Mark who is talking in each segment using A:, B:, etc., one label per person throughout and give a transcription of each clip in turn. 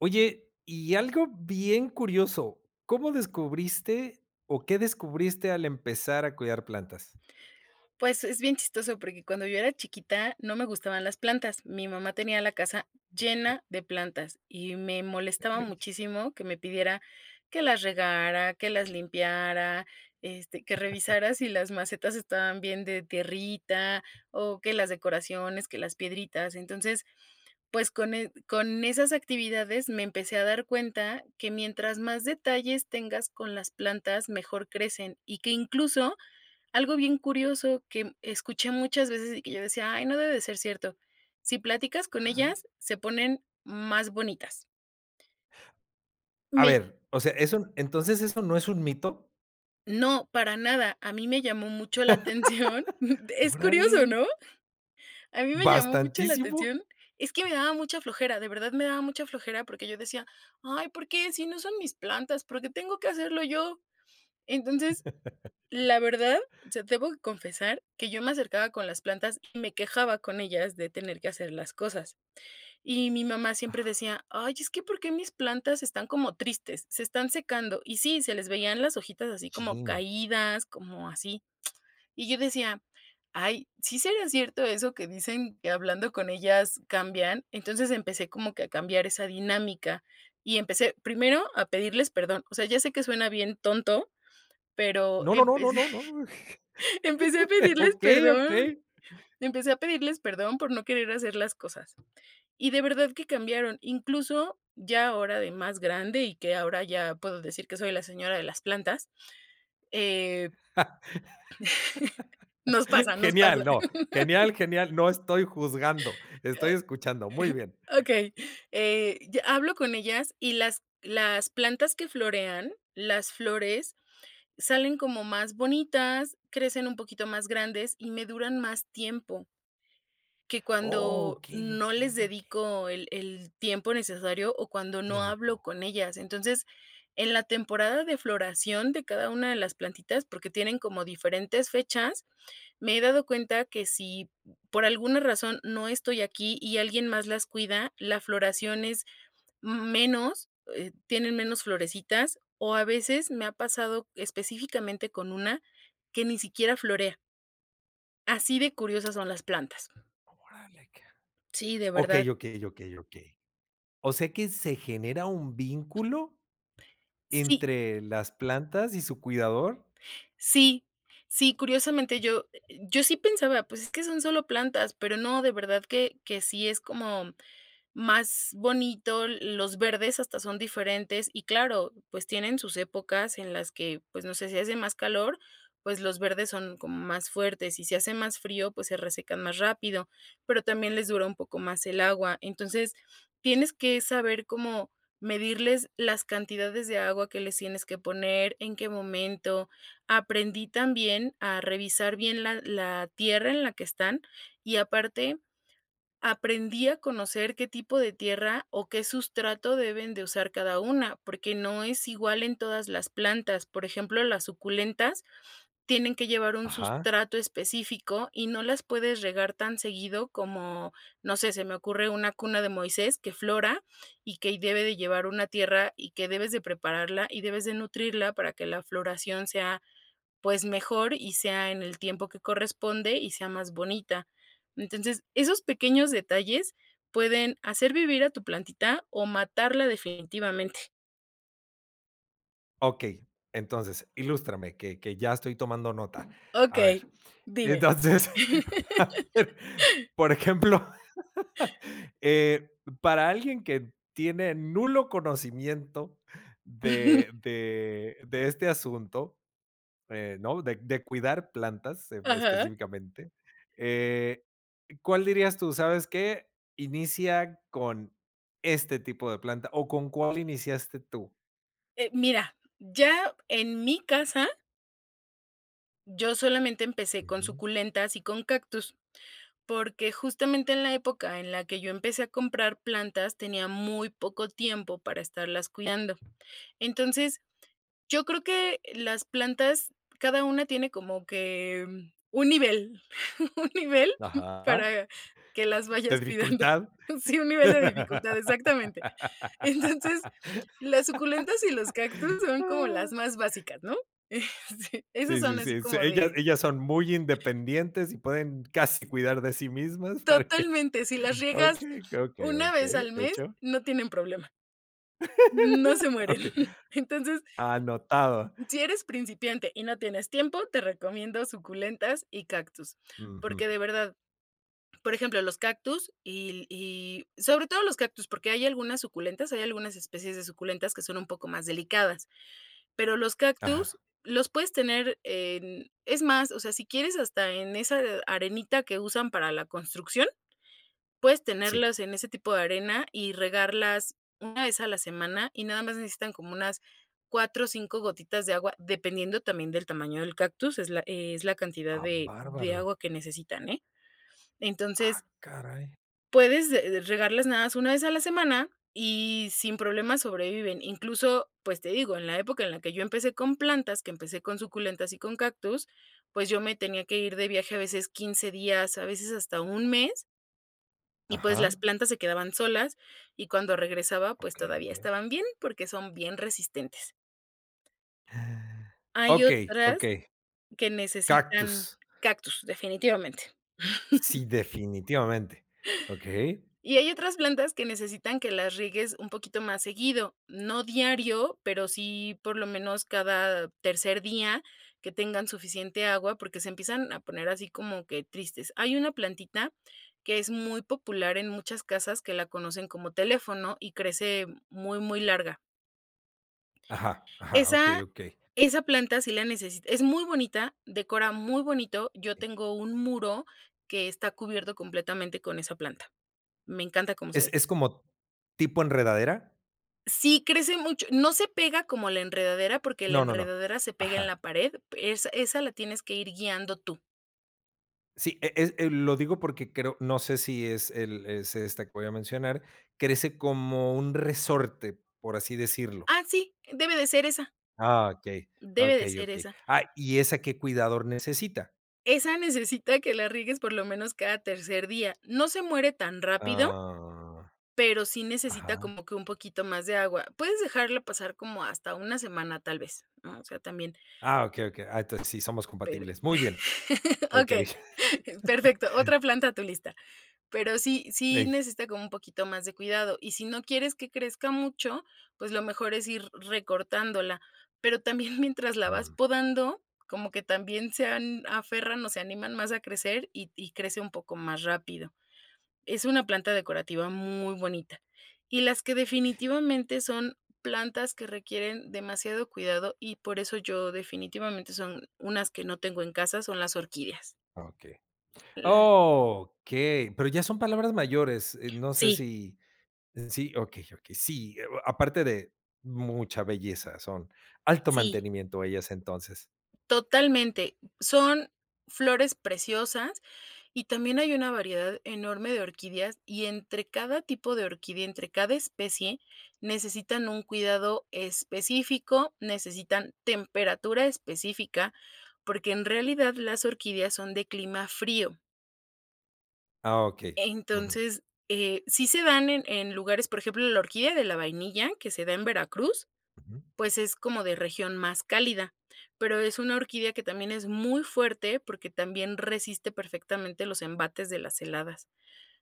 A: Oye, y algo bien curioso, ¿cómo descubriste o qué descubriste al empezar a cuidar plantas?
B: Pues, es bien chistoso, porque cuando yo era chiquita, no me gustaban las plantas, mi mamá tenía la casa
A: Oh, qué sí.
B: llena de plantas y me
A: E
B: molestaba
A: ey.
B: muchísimo que me pidiera que las regara, que las limpiara, este, que revisara si las macetas estaban bien de tierrita o que las decoraciones, que las piedritas, entonces, pues, con e con esas actividades me empecé a dar cuenta que mientras más detalles tengas con las plantas, mejor crecen y que incluso, algo bien curioso que escuché muchas veces y que yo decía: "Ay, no debe de ser cierto", si platicas con
A: Ajá.
B: ellas, se ponen más bonitas.
A: A
B: Me.
A: ver, o sea, es un ¿entonces eso no es un mito?
B: No, para nada, a mí me llamó mucho la atención, es curioso,
A: Órale.
B: ¿no?, a mí me llamó mucho la
A: Bastantísimo.
B: atención, es que me daba mucha flojera, de verdad me daba mucha flojera porque yo decía: "Ay, ¿por qué si no son mis plantas? ¿Por qué tengo que hacerlo yo?" Entonces, la verdad, o sea, debo confesar que yo me acercaba con las plantas y me quejaba con ellas de tener que hacer las cosas, y mi mamá siempre decía: "Ay es que, ¿por qué mis plantas están como tristes?, se están secando". Y sí, se les veían las hojitas así como
A: Chin.
B: caídas, como así. Y yo decía: "Ay, ¿sí sería cierto eso que dicen que hablando con ellas cambian?" Entonces, empecé como que a cambiar esa dinámica y empecé primero a pedirles perdón, o sea, ya sé que suena bien tonto, pero
A: No, no, no, no,
B: empecé
A: no, no.
B: empecé a pedirles
A: Okey,
B: perdón,
A: okey.
B: empecé a pedirles perdón por no querer hacer las cosas y de verdad que cambiaron, incluso, ya ahora de más grande y que ahora ya puedo decir que soy la señora de las plantas, eh, nos pasa, nos pasa.
A: Genial, no, genial, genial, no estoy juzgando,
B: Ah,
A: estoy escuchando, muy bien.
B: okey, eh, ya hablo con ellas y las las plantas que florean, las flores, salen como más bonitas, crecen un poquito más grandes y me duran más tiempo. Que
A: Oh,
B: cuando
A: okey,
B: no les
A: okey, okey.
B: dedico el el tiempo necesario o cuando no hablo
A: Tiempo.
B: con ellas. Entonces, en la temporada de floración de cada una de las plantitas, porque tienen como diferentes fechas, me he dado cuenta que si, por alguna razón, no estoy aquí y alguien más las cuida, la floración es m menos, eh, tienen menos florecitas o a veces, me ha pasado, específicamente con una, que ni siquiera florea. Así de curiosas son las plantas.
A: Órale, ca
B: Sí, de verdad.
A: okey, okey, okey, okey. ¿O sea que se genera un vínculo
B: Sí.
A: entre las plantas y su cuidador?
B: Sí, sí, curiosamente yo [unintelligible] yo sí pensaba, pues, es que son solo plantas, pero no, de verdad que que sí es como más bonito, l los verdes hasta son diferentes y, claro, pues, tienen sus épocas en las que, pues, no sé, si hace más calor, pues, los verdes son como más fuertes y si hace más frío, pues, se resecan más rápido, pero también les dura un poco más el agua. Entonces, tienes que saber cómo medirles las cantidades de agua que les tienes que poner, en qué momento. Aprendí también a revisar bien la la tierra en la que están, y aparte aprendí a conocer qué tipo de tierra o qué sustrato deben de usar cada una porque no es igual en todas las plantas. Por ejemplo, las suculentas tienen que llevar un
A: Ajá.
B: sustrato específico y no las puedes regar tan seguido como, no sé, se me ocurre una cuna de Moisés que flora y que y debe de llevar una tierra y que debes de prepararla y debes de nutrirla para que la floración sea, pues, mejor y sea en el tiempo que corresponde y sea más bonita. Entonces, esos pequeños detalles pueden hacer vivir a tu plantita o matarla definitivamente.
A: Okey. Entonces, ilústrame, que que ya estoy tomando nota. A
B: Okey,
A: ver,
B: dime.
A: entonces, por ejemplo, eh, p para alguien que tiene nulo conocimiento de de de este asunto, eh, ¿no? De de cuidar plantas en
B: Ajá.
A: específicamente, eh, ¿cuál dirías tú sabes qué, inicia con este tipo de planta o, con cuál iniciaste tú?
B: Eh, mira, ya en mi casa yo solamente empecé con
A: Ujú.
B: suculentas y con cactus. Porque, justamente, en la época en la que yo empecé a comprar plantas tenía muy poco tiempo para estarlas cuidando. Entonces, yo creo que las plantas cada una tiene como que un nivel un nivel
A: Ajá.
B: para que las vayas cuidando.
A: De dificultad.
B: Sí, un nivel de dificultad, exactamente. Entonces, las suculentas y los cactus son como las más básicas, ¿no? Eh, sí, esas
A: Sí,
B: son
A: sí,
B: así
A: sí, sí,
B: como
A: ellas,
B: de
A: ellas son muy independientes, y pueden casi cuidar de sí mismas para que
B: Totalmente, si las riegas
A: okey, okey,
B: una vez
A: okey,
B: al mes
A: hecho.
B: no tienen problema, no se mueren.
A: Okey.
B: Entonces
A: Anotado.
B: si eres principiante, y no tienes tiempo, te recomiendo suculentas y cactus.
A: Ujú.
B: Porque, de verdad, por ejemplo, los cactus, y y sobre todo los cactus, porque hay algunas suculentas, hay algunas especies de suculentas que son un poco más delicadas, pero los cactus
A: Ajá.
B: los puedes tener, eh, en es más, o sea, si quieres hasta en, eh, esa arenita que usan para la construcción, puedes
A: Sí.
B: tenerlas en ese tipo de arena, y regarlas 1 vez a la semana, y nada más necesitan como unas 4, 5 gotitas de agua, dependiendo también del tamaño del cactus. Es la, eh, es la cantidad
A: Ah,
B: de de
A: bárbaro.
B: agua que necesitan, ¿eh? Entonces
A: Ah, caray.
B: puedes, eh, regarlas nada más 1 vez a la semana, y sin problemas sobreviven. Incluso, pues, te digo, en la época en la que yo empecé con plantas, que empecé con suculentas y con cactus, pues, yo me tenía que ir de viaje a veces 15 días a veces hasta 1 mes y, pues, las
A: Ajá.
B: plantas se quedaban solas, y cuando regresaba, pues,
A: Okey,
B: todavía
A: okey.
B: estaban bien, porque son bien resistentes.
A: Ah.
B: Hay
A: Okey,
B: otras
A: okey.
B: que necesitan,
A: Cactus.
B: cactus definitivamente.
A: Sí, definitivamente. Okey.
B: Y hay otras plantas que necesitan que las riegues un poquito más seguido, no diario, pero sí por lo menos cada tercer día, que tengan suficiente agua porque se empiezan a poner así como que tristes. Hay una plantita que es muy popular en muchas casas que la conocen como teléfono y crece muy, muy larga.
A: Ajá, ajá, okey,
B: Esa
A: okey.
B: esa planta sí la necesita es muy bonita decora muy bonito yo tengo un muro que está cubierto completamente con esa planta. Me encanta como se
A: ¿Es
B: ve.
A: es como tipo enredadera?
B: Sí, crece mucho, no se pega como la enredadera, porque la
A: No, no, no.
B: enredadera se pega en la
A: Ajá.
B: pared, esa esa la tienes que ir guiando tú.
A: Sí, eh, es, eh, lo digo porque creo no sé si es el es esta que voy a mencionar, crece como un resorte, por así decirlo.
B: Ah, sí. Debe de ser esa.
A: Ah, okey,
B: Debe de
A: okey,
B: ser
A: okey.
B: esa.
A: Ah, ¿y esa qué cuidador necesita?
B: Esa necesita que la riegues por lo menos cada tercer día, no se muere tan rápido
A: Ah,
B: pero sí necesita
A: ajá.
B: como que un poquito más de agua. Puedes dejarla pasar como hasta 1 semana tal vez, ¿no?, o sea, también.
A: Ah, okey, okey. Ah, entonces sí somos
B: Pero
A: compatibles. Muy bien. Okey.
B: okey, perfecto, otra planta a tu lista. Pero sí sí
A: Ey.
B: necesita como un poquito más de cuidado y, si no quieres que crezca mucho, pues lo mejor es ir recortándola, pero también mientras la vas
A: Mm.
B: podando como que también se han aferran o se animan más a crecer y y crece un poco más rápido. Es una planta decorativa muy bonita y las que definitivamente son plantas que requieren demasiado cuidado y por eso yo definitivamente son unas que no tengo en casa, son las orquídeas.
A: Okey.
B: Las.
A: Okey. Pero ya son palabras mayores, eh, no sé
B: Sí.
A: si sí, okey, okey, sí, eh, o aparte de mucha belleza, son alto
B: Sí.
A: mantenimiento ellas entonces.
B: Totalmente. Son flores preciosas y también hay una variedad enorme de orquídeas, y entre cada tipo de orquídea entre cada especie, necesitan un cuidado específico, necesitan temperatura específica, porque en realidad las orquídeas son de clima frío.
A: Ah, okey. Ujú.
B: Entonces, eh, sí se dan en en lugares por ejemplo, la orquídea de la vainilla que se da en Veracruz,
A: Ujú.
B: pues es como de región más cálida, pero es una orquídea que también es muy fuerte porque también resiste perfectamente los embates de las heladas.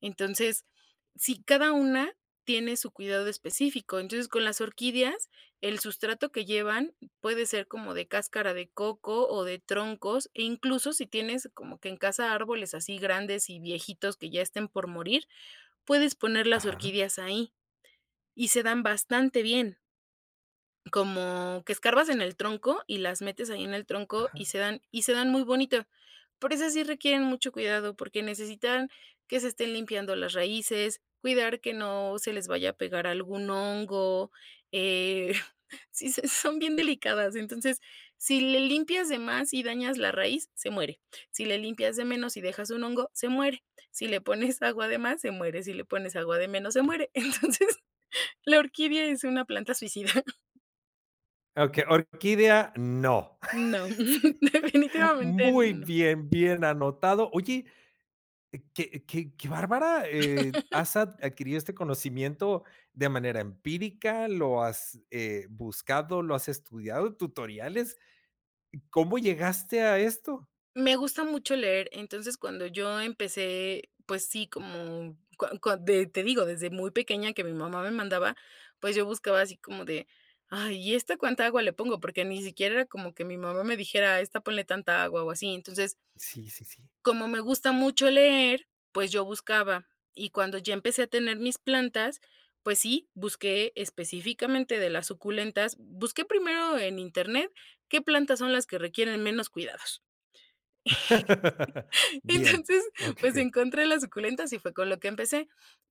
B: Entonces, sí, cada una tiene su cuidado específico, entonces con las orquídeas, el sustrato que llevan, puede ser como de cáscara de coco o de troncos e incluso si tienes como que en casa árboles así grandes y viejitos que ya estén por morir puedes poner las
A: Ajá.
B: orquídeas ahí y se dan bastante bien. Como que escarbas en el tronco y las metes ahí en el tronco y
A: Ajá.
B: se dan y se dan muy bonito, pero esas sí requieren mucho cuidado porque necesitan que se estén limpiando las raíces, cuidar que no se les vaya a pegar algún hongo. Eh, si se son bien delicadas, entonces, si le limpias de más y dañas la raíz, se muere, si le limpias de menos y dejas un hongo, se muere, si le pones agua de más, se muere, si le pones agua de menos, se muere, entonces, la orquídea es una planta suicida.
A: Okey, orquídea no.
B: No,
A: Sí.
B: definitivamente,
A: Muy
B: no.
A: bien, bien anotado. Oye. Qué qué qué bárbara, eh, has ad adquirido este conocimiento de manera empírica, lo has, eh, buscado, lo has estudiado, tutoriales. ¿C cómo llegaste a esto?
B: Me gusta mucho leer, entonces, cuando yo empecé, pues, sí como cua cua de te digo desde muy pequeña que mi mamá me mandaba, pues, yo buscaba así como de: "Ay y esta ¿cuánta agua le pongo?" porque ni siquiera era como que mi mamá me dijera: "Esta ponle tanta agua" o así, entonces
A: Sí, sí, sí.
B: como me gusta mucho leer, pues, yo buscaba y cuando ya empecé a tener mis plantas, pues, sí, busqué específicamente de las suculentas, busqué primero en internet, qué plantas son las que requieren menos cuidados. Y,
A: Bien,
B: entonces, pues,
A: okey.
B: encontré las suculentas y fue con lo que empecé,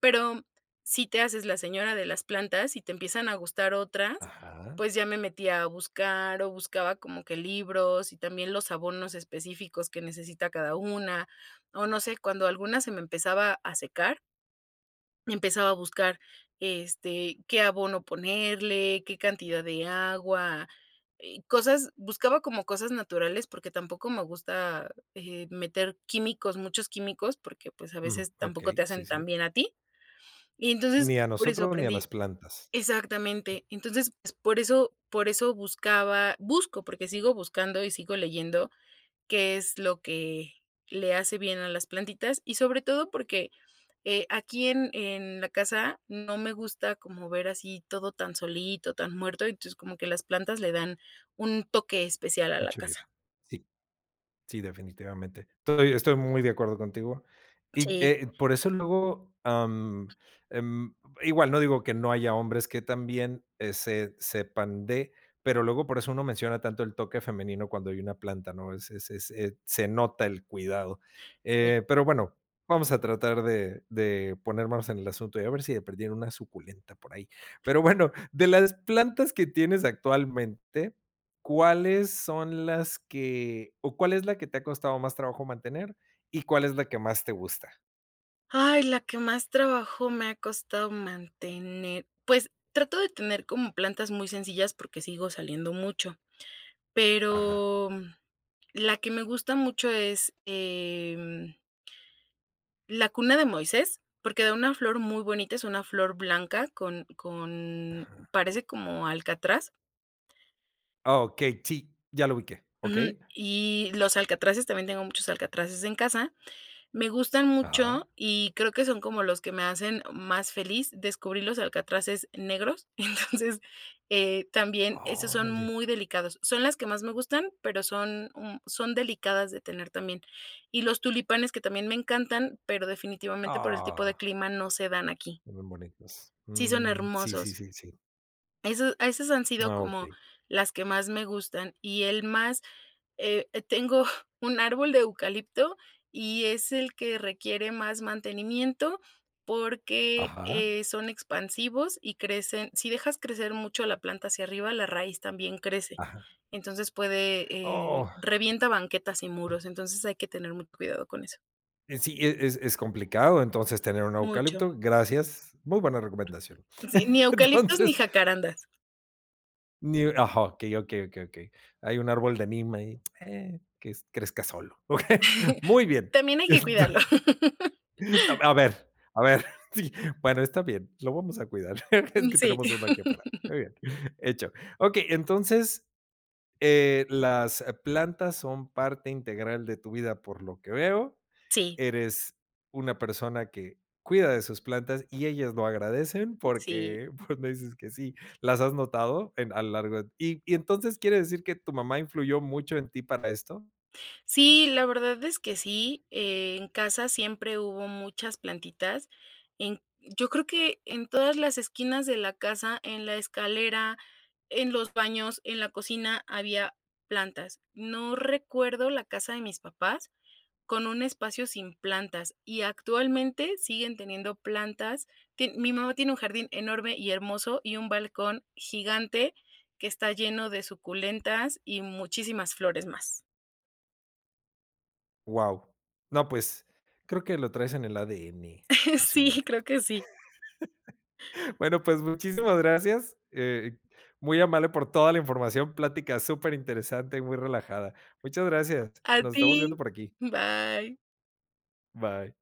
B: pero si te haces la señora de las plantas y te empiezan a gustar otras,
A: Ajá.
B: pues, ya me metía a buscar o buscaba como que libros y también los abonos específicos que necesita cada una o no sé cuando alguna se me empezaba a secar empezaba a buscar, este, qué abono ponerle, qué cantidad de agua, eh, cosas buscaba como cosas naturales porque tampoco me gusta, eh, meter químicos, muchos químicos porque, pues, a
A: Mm,
B: veces tampoco
A: okey,
B: te hacen
A: sí,
B: tan
A: sí.
B: bien a ti y, entonces,
A: Ni a
B: por eso
A: nosotros ni a las
B: aprendí
A: plantas.
B: exactamente, entonces, pues, por eso por eso buscaba busco porque sigo buscando y sigo leyendo qué es lo que le hace bien a las plantitas y sobre todo porque, eh, aquí en en la casa no me gusta como ver así todo tan solito, tan muerto, entonces, como que las plantas le dan un toque especial a la
A: Mucha
B: casa.
A: vida. Sí, sí, definitivamente. Estoy estoy muy de acuerdo contigo y,
B: Sí.
A: eh, por eso luego, am, em, igual no digo que no haya hombres que también ese se sepan de, pero luego por eso uno menciona tanto el toque femenino cuando hay una planta, ¿no? Es es es se nota el cuidado.
B: Sí.
A: Eh, pero bueno, vamos a tratar de de ponernos en el asunto y a ver si de perdida una suculenta por ahí. Pero bueno, de las plantas que tienes actualmente, ¿cuáles son las que o cuál es la que te ha costado más trabajo mantener? ¿Y cuál es la que más te gusta?
B: Ay, la que más trabajo me ha costado mantener. Pues, trato de tener como plantas muy sencillas, porque sigo saliendo mucho.
A: Ajá.
B: Pero la que me gusta mucho es, em la cuna de Moisés, porque da una flor muy bonita, es una flor blanca con con
A: Ajá.
B: parece como alcatraz.
A: Oh, okey, sí, ya lo ubiqué.
B: Ujú.
A: ¿Okey?
B: Y los alcatraces, también tengo muchos alcatraces en casa, me gustan
A: Ajá.
B: mucho, y creo que son como los que me hacen más feliz. Descubrí los alcatraces negros. Entonces, eh, también esos son
A: Órale.
B: muy delicados. Son las que más me gustan, pero, son, mm, son delicadas de tener también. Y los tulipanes, que también me encantan, pero, definitivamente, por el tipo de
A: Ah.
B: clima, no se dan aquí.
A: Se ven bonitas.
B: Sí son
A: Mm, sí, sí,
B: hermosos.
A: sí, sí.
B: Esos esas han sido
A: Ah,
B: como
A: okey.
B: las que más me gustan. Y el más eh, tengo un árbol de eucalipto, y es el que requiere más mantenimiento, porque,
A: Ajá.
B: eh, son expansivos y crecen sí dejas crecer mucho la planta hacia arriba, la raíz también crece.
A: Ajá.
B: Entonces, puede, eh,
A: Oh.
B: revienta banquetas y muros, entonces hay que tener mucho cuidado con eso.
A: Eh, sí, es es es complicado entonces, tener un
B: Mucho.
A: eucalipto. Gracias. Muy buena recomendación.
B: Sí, ni eucaliptos ni
A: Entonces.
B: jacarandas.
A: Ni ajá. Okey, okey, okey, okey. Hay un árbol de neem ahí, eh, que s crezca solo. Muy bien.
B: También hay que
A: Enton
B: cuidarlo.
A: A a ver, a ver, sí, bueno, está bien, lo vamos a cuidar. Es
B: Mm,
A: que
B: sí.
A: tenemos uno aquí afuera, muy bien, hecho. Okey. Entonces, eh, las plantas son parte integral de tu vida, por lo que veo,
B: Sí.
A: eres una persona que cuida de sus plantas, y ellas lo agradecen,
B: Sí.
A: porque, pues, me dices que sí, las has notado en a lo largo de Y y entonces, ¿quiere decir que tu mamá influyó mucho en ti para esto?
B: Sí, la verdad es que sí. Eh, en casa siempre hubo muchas plantitas en yo creo que en todas las esquinas de la casa, en la escalera, en los baños, en la cocina había plantas. No recuerdo la casa de mis papás con un espacio sin plantas, y actualmente, siguen teniendo plantas. Tie mi mamá tiene un jardín enorme y hermoso, y un balcón gigante que está lleno de suculentas y muchísimas flores más.
A: Guau. No, pues, creo que lo traes en el ADN,
B: Sí,
A: posiblemente.
B: creo que sí.
A: Bueno, pues, muchísimas gracias. Eh, muy amable por toda la información, plática superinteresante y muy relajada. Muchas gracias.
B: A
A: Nos estamos
B: ti,
A: viendo por aquí.
B: bye.
A: Bye.